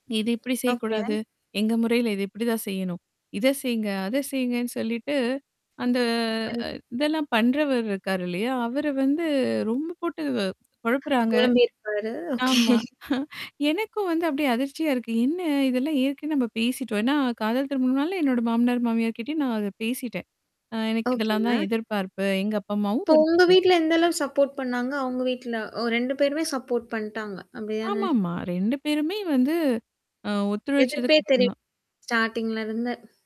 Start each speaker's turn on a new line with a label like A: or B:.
A: இது இப்பிடி
B: ஓகே.
A: செய்யக்கூடாது. எங்க முறையில இது இப்பிடிதான் செய்யணும். இத செய்ங்க, அத செய்ங்கன்னு சொல்லிட்டு, அந்த
B: ம்.
A: அ இதெல்லாம் பண்றவரு இருக்காரு இல்லயா? அவரு வந்து ரொம்ப போட்டு வ கொழப்புறாங்க.
B: கொழம்பியிருப்பாரு,
A: ஆமா.
B: ஓகே.
A: எனக்கும் வந்து அப்பிடியே அதிர்ச்சியா இருக்கு. என்ன? இதெல்லாம் ஏற்கனவே நம்ம பேசிட்டோம். ஏன்னா, காதல் திருமணம்னாலே என்னோட மாமனார், மாமியார்க்கிட்டயும் நான் அத பேசிட்டேன். ஆ எனக்கு இதெல்லாம்
B: ஓகேங்க.
A: தான் எதிர்பார்ப்பு. எங்க அப்பா, அம்மாவும்
B: இப்போ உங்க
A: [unintelligible]
B: வீட்ல எந்த அளவு சப்போர்ட் பண்ணாங்க? அவுங்க வீட்ல ஓ! 2 பேருமே சப்போர்ட் பண்ட்டாங்க. அப்பிடிதானே!
A: ஆமாமா, 2 பேருமே வந்து, அ
B: எதிர்ப்பே
A: ஒத்துழைச்சதுக்கு
B: தெரி
A: அப்புறம் தான்.
B: ஸ்டார்டிங்ல இருந்து.